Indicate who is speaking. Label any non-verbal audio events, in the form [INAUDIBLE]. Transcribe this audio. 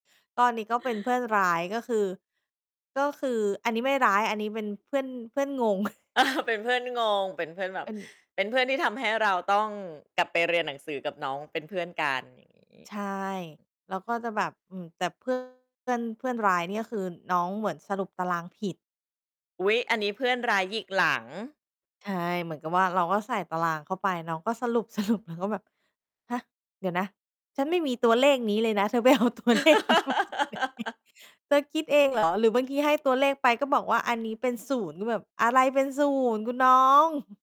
Speaker 1: ก็อันนี้ก็เป็นเพื่อนร้าย ก็คือ ก็คือ อันนี้ไม่ร้าย อันนี้เป็นเพื่อน เพื่อนงง [CHUCKLES]
Speaker 2: [CHUCKLES] เป็นเพื่อนงง เป็นเพื่อนแบ
Speaker 1: เ
Speaker 2: บ
Speaker 1: ป็น
Speaker 2: เป็นเพื่อนที่ทำให้เราต้องกลับไปเรียนหนังสือกับน้องเป็นเพื่อนกัน อย่างงี้
Speaker 1: ใช่ แล้วก็จะแบบ อือ แต่ เพื่อน เพื่อน เพื่อนร้ายนี่คือ น้องเหมือนสรุปตารางผิด
Speaker 2: อุ๊ย อันนี้เพื่อนร้ายหยิกหลัง
Speaker 1: ใช่ เหมือนกับว่า เราก็ใส่ตารางเข้าไป น้องก็ สรุป ๆ แล้วก็แบบ "ฮะ เดี๋ยวนะ ฉันไม่มีตัวเลขนี้เลยนะ เธอไปเอาตัวเลขนี้มาจากไหน?
Speaker 2: [LAUGHS]
Speaker 1: เธอคิดเอง เหรอ?" หรือบางทีให้ตัวเลขไป ก็บอกว่าอันนี้เป็น 0 แบบ "อะไรเป็น 0 คุณน้อง"